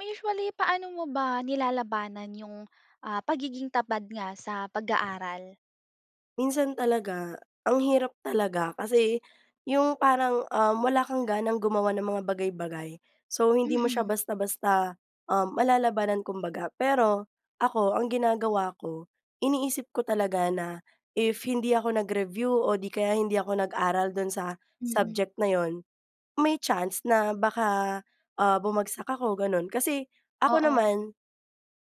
Usually, paano mo ba nilalabanan 'yong, ah, pagiging tamad nga sa pag-aaral? Minsan talaga, ang hirap talaga. Kasi yung parang, uhm, wala kang ganang gumawa ng mga bagay-bagay. So, hindi mo siya Mm. basta-basta, uhm, malalabanan kumbaga. Pero, ako ang ginagawa ko, iniisip ko talaga na if hindi ako nag-review o 'di kaya hindi ako nag-aral do'n sa Mm. subject na 'yon, may chance na baka, ah, bumagsak ako gano'n. Kasi, ako Oo. naman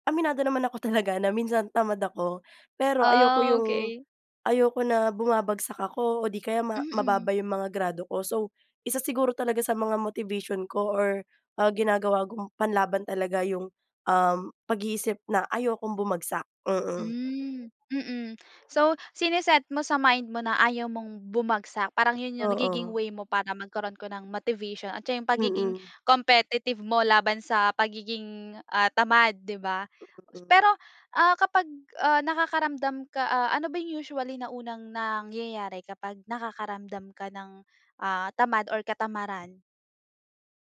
aminado naman ako talaga na minsan tamad ako. Pero, ayoko Ah, yung, okey. ayoko na bumabagsak ako o 'di kaya ma Mm. mababa 'yong mga grado ko. So, isa siguro talaga sa mga motivation ko or, ah, ginagawa kong panlaban talaga 'yong, uhm, pag-iisip na ayokong bumagsak. Mm. Hmm, mm. So sine-set mo sa mind mo na ayaw mong bumagsak. Parang 'yon 'yong nagiging Oo. way mo para magkaroon ka ng motivation at 'yon 'yong pagiging Mm. competitive mo laban sa pagiging, ah, tamad 'di ba. Mm. Pero, ah, kapag ah, nakakaramdam ka ah, ano ba 'yong usually na unang nangyayari kapag nakakaramdam ka ng, ah, tamad or katamaran?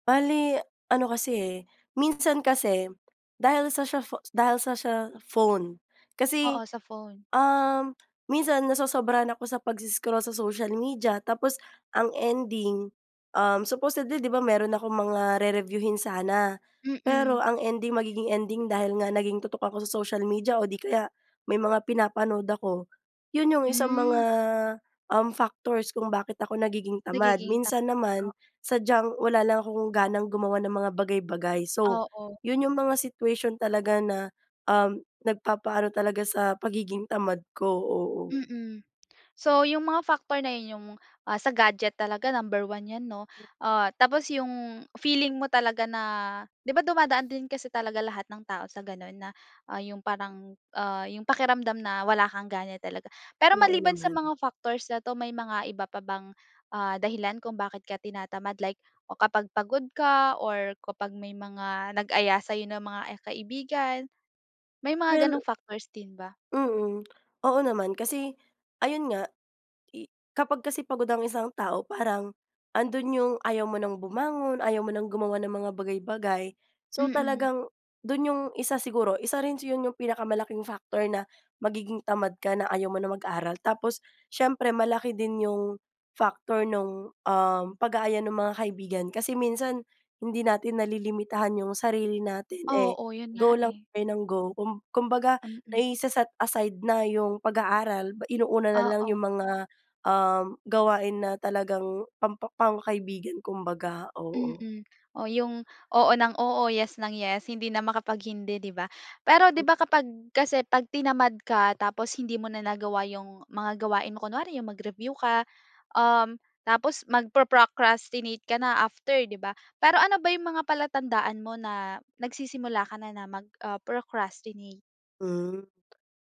Bale, ano kasi eh, minsan kasi, dahil sa siya pho dahil sa siya phone. Kasi, Oo, sa phone. um, minsan nasosobrahan ako sa pags-scroll sa social media, tapos ang ending, um, supposedly 'di ba, meron akong mga re-reviewhin sana, Mm. pero ang ending, magiging ending dahil nga naging tutok ako sa social media o 'di kaya, may mga pinapanood ako, 'yun 'yung isang mga, Hmm. um, factors kung bakit ako nagiging tamad. Nagiging ta Minsan oh. naman, sadyang, wala lang akong ganang gumawa ng mga bagay-bagay, so, Oo. 'yun 'yung mga situation talaga na, um, nagpapa-ano talaga sa, pagiging tamad ko, oo. Mm. So 'yung mga factor na 'yun 'yung, ah, sa gadget talaga, number 1 yan 'no? Hmm. Ah, tapos 'yung, feeling mo talaga na 'di ba, dumadaan din kasi talaga lahat ng tao sa ganun? Na, ah, 'yung parang, ah, 'yung pakiramdam na, wala kang gana talaga. Pero Oo maliban sa naman. mga factors na 'to, may mga iba pa bang, ah, dahilan kung bakit ka tinatamad? Like, o kapag pagod ka, or kapag may mga nag-aya sa'yo na mga kaibigan, may mga Well. ganong factors din ba? Mm, oo naman, kasi, ayun nga, i kapag kasi pagod ang isang tao, parang, andun 'yung ayaw mo ng bumangon, ayaw mo ng gumawa ng mga bagay-bagay. So Mm. talagang, do'n 'yong, isa siguro, isa rin 'yon, 'yong pinakamalaking factor na, magiging tamad ka na, ayaw mo na mag-aral. Tapos, siyempre malaki din 'yong, factor nung, um, pag-aaya ng mga kaibigan. Kasi minsan, hindi natin nalilimitahan 'yung sarili natin, eh, Oo, 'yon go nga lang eh. tayo ng go. Kum kumbaga Mm. naise-set aside na 'yung pag aaral, inuuna nalang Oo. 'yung mga, um, gawain na talagang pampa pang kaibigan kumbaga, oo. Mm, o 'yung, oo ng oo, yes ng yes, hindi na makapag-hindi, 'di ba? Pero 'di Hmm. ba, kapag kasi, pag tinamad ka, tapos hindi mo na nagawa 'yung, mga gawain mo, kunwari 'yung mag-review ka, um, tapos magpro-procrastinate ka na after, 'di ba? Pero ano ba 'yung mga palatandaan mo na, nagsisimula ka na, na mag, ah, mag-procrastinate? Hmm,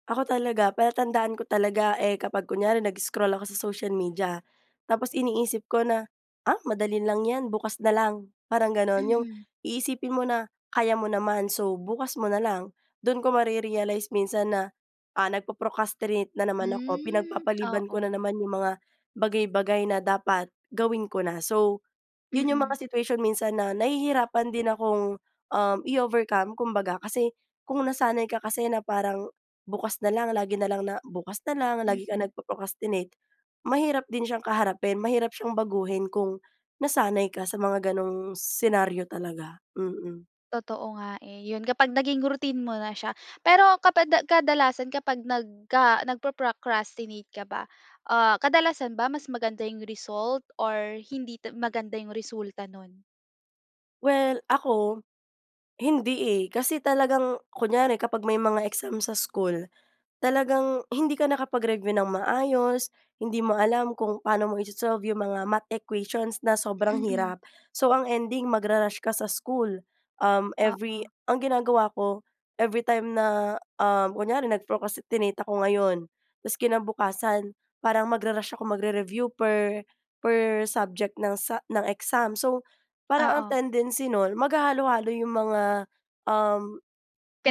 ako talaga, palatandaan ko talaga, eh, kapag kunyari nag-scroll ako sa social media, tapos iniisip ko na, “Ah, madali lang ‘yan, bukas na lang.” Parang gano’n. ‘Yung Mm. iisipin mo na kaya mo naman, so, bukas mo na lang. Do’n ko mare-realize minsan na, ah, nagpo-procrastinate na naman ako, Hmm, pinagpapaliban ko na oo. naman ‘yung mga bagay-bagay na dapat, gawin ko na. So, 'yon 'yong Mm. mga situation minsan na nahihirapan din akong, um, i-overcome, kumbaga. Kasi, kung nasanay ka kasi na parang, "Bukas na lang", lagi na lang na bukas nalang, lagi ka Mm. nagpo-procrastinate, mahirap din siyang kaharapin, mahirap siyang baguhin kung, nasanay ka sa mga gano’ng senaryo talaga, mm. Totoo nga, eh, ‘yon kapag naging routine mo na siya. Pero kapag da kadalasan, kapag nagka nagpo-procrastinate ka ba, ah, kadalasan ba mas maganda 'yong result, or hindi ta maganda 'yong resulta no’n? Well, ako, hindi eh. Kasi talagang kunyari kapag may mga exam sa school, talagang hindi ka nakapag-review nang maayos, hindi mo alam kung paano mo iso-solve 'yong mga math equations na sobrang Mm. hirap. So, ang ending magra-rush ka sa school, um, every Oo. ang ginagawa ko, every time na, ah, kunyari nag-procrastinate ako ngayon, tapos kinabukasan parang magra-rush ako mag-review per per subject ng sa ng exam. So, parang ang Oo. tendency no’n, maghahalo-halo ‘yong mga, um,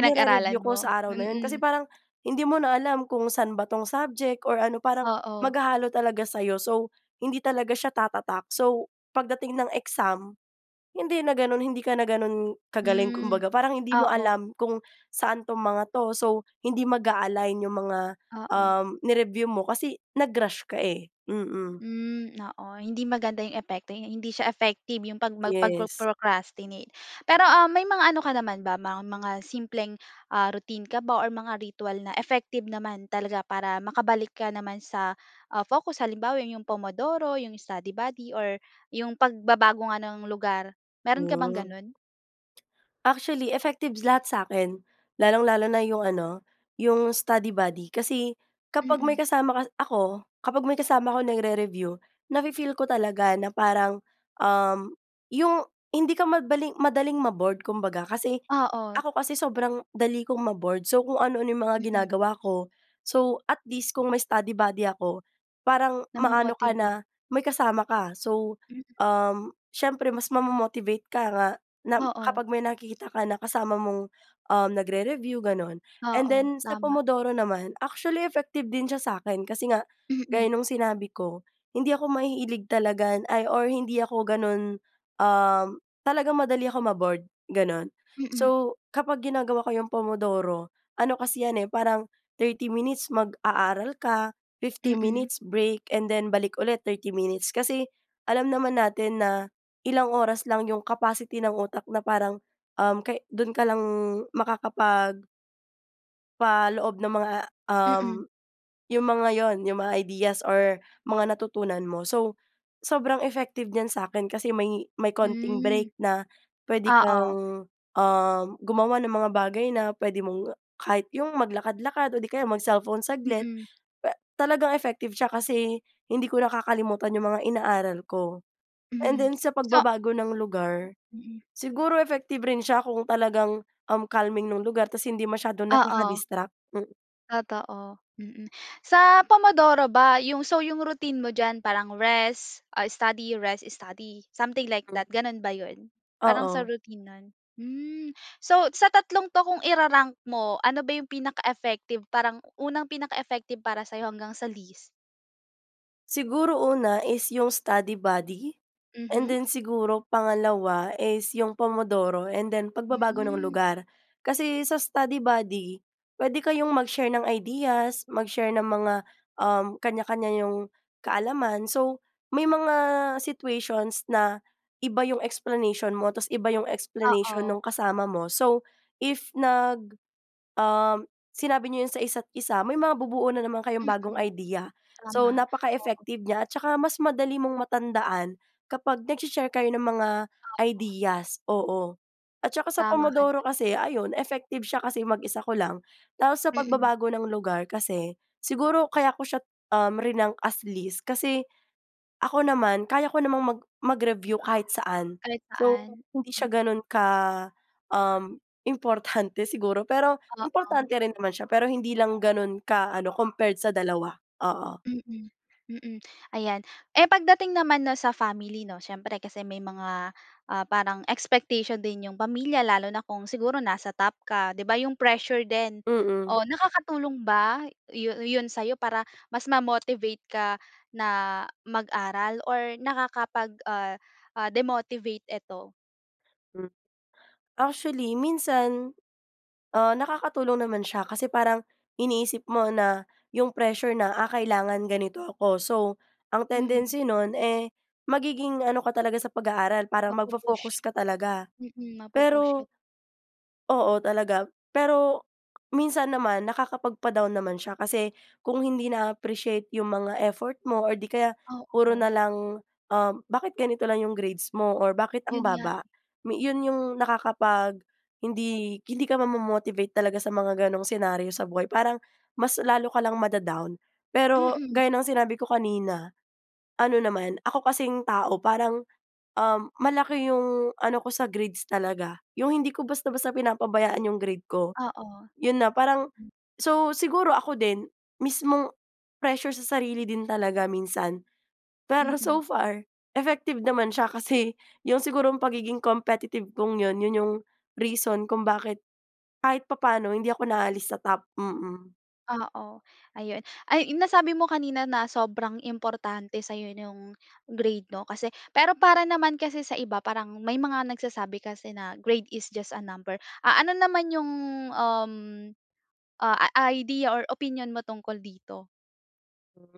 nire-review ko mo, sa araw na ‘yon, kasi mm. parang hindi mo na alam kung saan ba ‘tong subject or ano, parang Oo. maghahalo talaga sa’yo. So, hindi talaga siya tatatak. So, pagdating ng exam, hindi na gano’n, hindi ka na gano’n kagaling Hmm, kumbaga, parang hindi mo oo. alam kung saan ‘tong mga ‘to, so hindi mag-a-align ‘yong mga, Oo. um, ni-review mo kasi nag-rush ka, eh, mm. Hmm, oo. Hindi maganda 'yong epekto, hindi siya effective 'yong 'pag mag Yes. pagpro-procrastinate. Pero, um, may mga ano ka naman ba, mga mga simpleng, ah, routine ka ba or mga ritual na effective naman talaga para makabalik ka naman sa, ah, focus? Halimbawa, 'yong Pomodoro, 'yong study buddy, or ‘yong pagbabago nga ng lugar, mayro'n ka bang Hmm. gano’n? Actually, effective lahat sa’kin, lalong-lalo na 'yong ano, 'yong study buddy kasi, kapag may Mm. kasama ka ako, kapag may kasama akong nagre-review, nafi-feel ko talaga na parang, um, 'yong hindi ka madali- madaling ma-bored kumbaga, kasi Oo. ako kasi sobrang dali kong ma-bored. So, kung ano-ano 'yong mga Mm. ginagawa ko. So at least, kung may study buddy ako, parang, ma-ano ka Na-mo-motivate. na may kasama ka, so, Mm. um, siyempre mas ma-mo-motivate ka nga na, Oo. kapag may nakikita kang kasama mong, um, nagre-review, gano’n. And Oo, then sa tama. Pomodoro naman, actually effective din siya sa’kin kasi nga, Mm. gaya nung sinabi ko, hindi ako mahilig talaga na, ay or hindi ako gano’n, um, talagang madali akong ma-bored, gano’n. Mm. So, kapag ginagawa ko ‘yong Pomodoro, ano kasi ‘yan eh, parang 30 minutes mag-aaral ka, 15 Mm. minutes break, and then balik ulit, 30 minutes. Kasi alam naman natin na ilang oras lang ‘yong capacity ng utak na parang, um, ka doon ka lang makakapag paloob ng mga, um, Mm. 'yong mga 'yon, 'yong mga ideas or mga natutunan mo. So, sobrang effective niyan sa’kin kasi may ,may konting Hmm, break na puwede oo. kang, um, gumawa ng mga bagay na puwede mong kahit ‘yong maglakad-lakad o ‘di kaya mag-cellphone saglit. Mm. Puwe talagang effective siya kasi hindi ko nakakalimutan ‘yong mga inaaral ko. And Mhm, then, sa so pagbabago ng lugar, Hmm, mm. siguro effective rin siya kung talagang, um, calming nung lugar tapos hindi masyadong Oo. nakaka-distract. Mm. Totoo. Mm. Sa Pomodoro ba, 'yong so, 'yong routine mo diyan parang rest, ah, study, rest, study, something like Mm. that, gano’n ba ‘yon? Parang sa Oo. routine no’n? Hmm, so, sa tatlong ‘to, kung ira-rank mo, ano ba ‘yong pinaka-effective, parang unang pinaka-effective para sa’yo hanggang sa least? Siguro, una is yong study buddy. And Mhm. then, siguro pangalawa is yong Pomodoro, and then pagbabago ng Hmm. lugar. Kasi, sa study buddy puwede kayong mag-share ng ideas. Mag-share ng mga, um, kaniya-kaniya niyong kaalaman. So, may mga situations na iba yong explanation mo. Tas, iba yong explanation Oo. ng kasama mo. So, if nag um, sinabi niyo yon sa isa't-isa, may mabubuo na naman kayong bagong Mm, idea. So, tama. Oo. napaka-effective niya, at saka mas madali mong matandaan kapag nagshe-share kayo ng mga ideas. Oo. At saka sa Tama ka diyan. Pomodoro kasi, ayon, effective siya kasi mag-isa ko lang. Tapos sa Mm. pagbabago ng lugar kasi, siguro kaya ko siya, um, rinank as least. Kasi ako naman kaya ko namang mag mag-review kahit saan. Kahit So, saan. hindi siya Mm. gano'n ka, um, importante siguro. Pero, Oo. importante rin naman siya. Pero hindi lang gano'n ka-ano, compared sa dalawa. Oo. Mm, mm, ayan. Eh, pagdating naman 'no sa family 'no, siyempre kasi may mga, ah, parang expectation din 'yong pamilya. Lalo na kung siguro nasa top ka, 'di ba 'yong pressure din. Mm. O, nakakatulong ba yu yon sa'yo, para mas ma-motivate ka na mag-aral? Or nakakapag, ah, ah, demotivate ito? Hmm. Actually minsan, ah, nakakatulong naman siya kasi parang iniisip mo na yung pressure na, ah, kailangan ganito ako, so ang Mm. tendency nun, eh, magiging ano ka talaga sa pag-aaral, parang Mapu-push, magfo-focus ka talaga. mm, mapu-push ka. Pero Oo talaga. Pero minsan naman nakakapagpa-down naman siya kasi kung hindi naa-appreciate 'yong mga effort mo, or 'di kaya puro Oo. na lang, um, bakit ganito lang 'yong grades mo, or bakit 'Yon ang nga. baba? Mi 'yon 'yong nakakapag hindi hindi ka mamomo-motivate talaga sa mga ganong senaryo sa buhay parang mas lalo ka lang mada-down. Pero Mm. gaya ng sinabi ko kanina ano naman ako kasing tao parang, um, malaki 'yong ano ko sa grades talaga, 'yong hindi ko basta-basta pinapabayaan 'yong grade ko. Oo. 'Yon na parang Hmm. so siguro ako din mismong pressure sa sarili din talaga minsan. Pero Mm. so far effective naman siya kasi 'yong sigurong pagiging competitive kung 'yon 'yon 'yong reason kung bakit kahit papaano hindi ako naaalis sa Top. Mm. Oo, ayun. Ay, nasabi mo kanina na sobrang importante sa'yo, nung grade, 'no kasi, pero para naman kasi sa iba, parang, may mga nagsasabi kasi na grade is just a number, ah, ano naman 'yong, um, ah, idea or opinyon mo tungkol dito? Mm,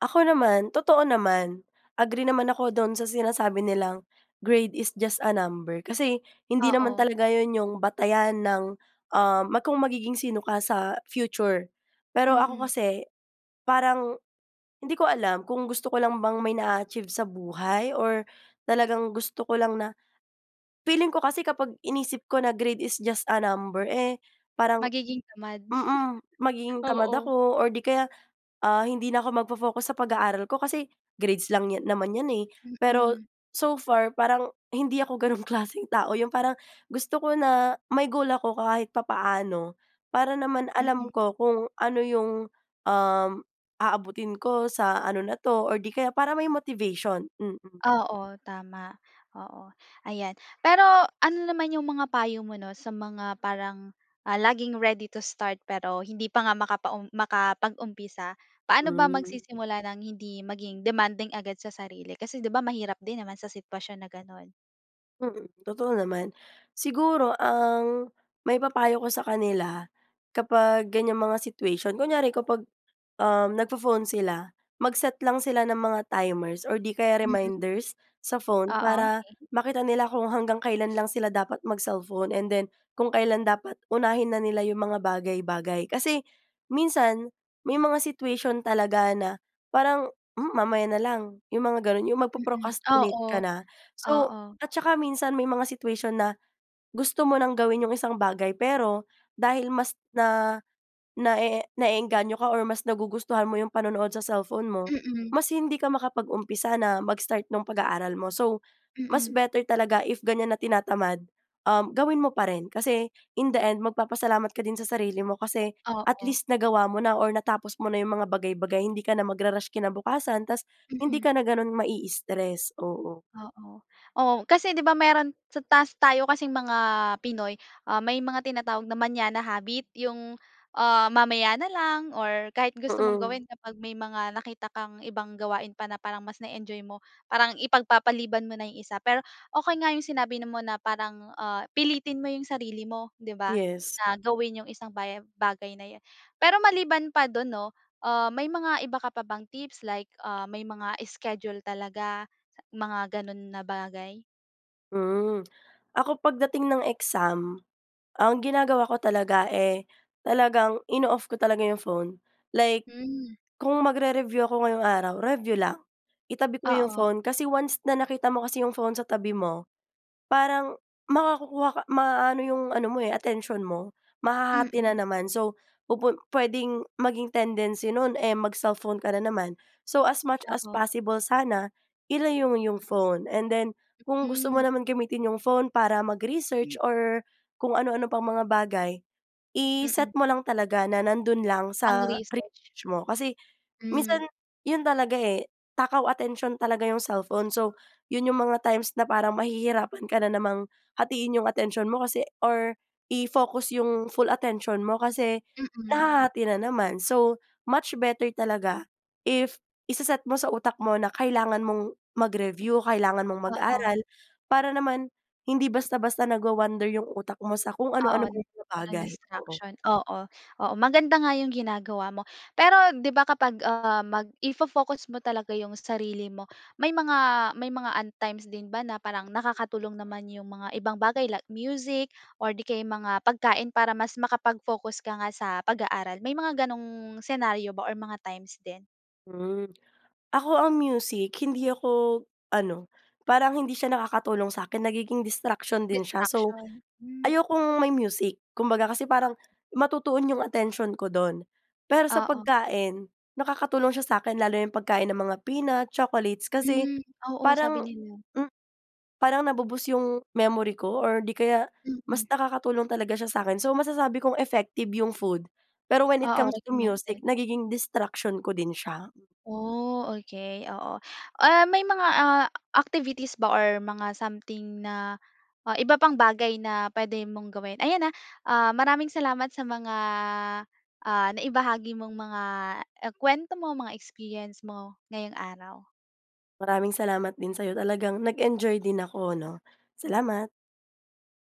ako naman totoo naman, agree naman ako do'n sa sinasabi nilang, grade is just a number. Kasi hindi naman Oo. talaga yun yung batayan ng, uhm, kung magiging sino ka sa, future. Pero ako Mm. kasi, parang, hindi ko alam, kung gusto ko lang bang may na-a-achieve sa buhay? Or talagang gusto ko lang na, feeling ko kasi kapag, inisip ko na grade is just a number, eh, parang, Magiging tamad. mm, magiging tamad Oo. ako or 'di kaya, ah, hindi na ako magfo-focus sa pag-aaral ko kasi, grades lang yan naman 'yan eh. ero, Mm. so far parang, hindi ako gano'n klaseng tao, 'yong parang, gusto ko na, may goal ako kahit papaano, para naman alam Mm. ko, kung ano 'yong, um, aabutin ko sa ano na 'to, or 'di kaya para may motivation. Mm. Oo, tama. Oo, ayan. Pero, ano naman 'yong mga payo mo, 'no sa mga, parang, ah, laging ready to start, pero, hindi pa nga makapaum makapag-umpisa, paano ba Hmm. magsisimula ng hindi maging demanding agad sa sarili? Kasi 'di ba mahirap din naman sa sitwasyon na gano'n. Mm, totoo naman. Siguro, ang maipapayo ko sa kanila kapag ganyang mga situation, kunyari kapag, um, na pho-phone sila, mag-set lang sila ng mga timers, or 'di kaya Mm. reminders, sa phone, Oo, para okey. makita nila kung hanggang kailan lang sila dapat mag-cellphone, and then kung kailan dapat unahin na nila yung mga bagay-bagay. Kasi minsan, may mga situation talaga na parang, "Um, mamaya na lang." Yung mga ganun. Yung Mm, magpo-procrastinate ka oo. na. So, Oo. at tsaka minsan may mga situation na, gusto mo ng gawin yong isang bagay, pero dahil mas na naee na-eengganyo ka or mas nagugustuhan mo yong panonood sa cellphone mo, Mm. mas hindi ka makapag-umpisa na mag-start nung pag-aaral mo. So, mas Mm. better talaga if ganyan na tinatamad, um, gawin mo pa rin. Kasi in the end magpapasalamat ka din sa sarili mo. Kasi, at Oo. least, nagawa mo na or natapos mo na yong mga bagay-bagay. Hindi ka na magra-rush kinabukasan, tas, hindi Mm. ka na gano'n mai-stress. Oo. Oo. Oo, kasi 'di ba meron sa 'tas tayo kasing mga Pinoy, uh, may mga tinatawag na mañana habit. Yong, uh, mamaya na lang, or kahit gusto mong Mm. gawin kapag may mga nakita kang ibang gawain pa na parang mas na-enjoy mo, parang ipagpapaliban mo na yung isa. Pero, okey nga yung sinabi na mo na parang, ah, pilitin mo yung sarili mo, 'di ba, Yes. na gawin yung isang bagay, bagay na yun. Pero, maliban pa dun 'no, uh, may mga iba ka pa bang tips, like, uh, may mga schedule talaga mga ganun na bagay? Mm. Ako pagdating ng exam, ang ginagawa ko talaga, eh, talagang ino-off ko talaga yong phone. Like, Mm. kung mag-re-review ako ngayong araw, review lang. Itabi ko yong Oo. phone. Kasi, once na nakita mo kasi yong phone sa tabi mo, parang makakakuha ka maano 'yung ano mo, eh, atensyon mo, mahahati na Mm. naman. So, pupun puwedeng maging tendency no'n, eh, mag-cellphone ka na naman. So, as much as Oo. possible sana, ilayo mo 'yung phone. And then, kung gusto mo Mm. naman gamitin yung phone para mag-research, Hmm. or kung ano-ano pang mga bagay, i-set Mm. mo lang talaga na nando'n lang sa Pang-research. research mo. Kasi, Hmm. minsan yun talaga, eh, takaw atensyon talaga yung cellphone. So, yun yung mga times na parang mahihirapan ka na namang hatiin yung atensyon mo, kasi or i-focus yung full attention mo, kasi Mm. nahahati na naman. So, much better talaga, if ise-set mo sa utak mo na kailangan mong mag-review, kailangan mong Oo. mag-aral, para naman hindi basta-basta nagwa-wnder yung utak mo sa kung Oo. anu-anong maliit na Walang bagay. Oo. distraction. Oo. Oo, maganda nga yung ginagawa mo. Pero, 'di ba kapag, ah, mag i-fo-focus mo talaga yung sarili mo. May mga, may mga un times din ba na parang nakakatulong naman yung mga ibang bagay, like music or 'di kaya mga pagkain, para mas makapag-focus ka nga sa pag-aaral? May mga ganong scenario ba or mga times din? Mm. Ako ang music, hindi ako ano, parang hindi siya nakakatulong sa'kin. Nagiging distraction din siya. So, Distraction. Mm. ayokong may music. Kumbaga kasi, parang matutuon yong atensyon ko do'n. Pero sa Oo. pagkain, nakakatulong siya sa'kin lalo na yong pagkain ng mga peanut, chocolates. Kasi Mm. Oo, sabi parang, nila. mm, parang na-bo-boost yung memory ko, or 'di kaya mas Mm. nakakatulong talaga siya sa 'kin. So, masasabi kong effective yung food. Pero, when it Oo, comes to music, recommended. nagiging distraction ko din siya. Oh, okay. Oo. Ah, may mga, ah, activities ba or mga something na, ah, iba pang bagay na pwede mong gawin? Ayan ah. Ah, maraming salamat sa mga, ah, naibahagi mong mga e kuwento mo, mga experience mo, ngayong araw. Maraming salamat din sa'yo. Talagang nag-enjoy din ako 'no? Salamat.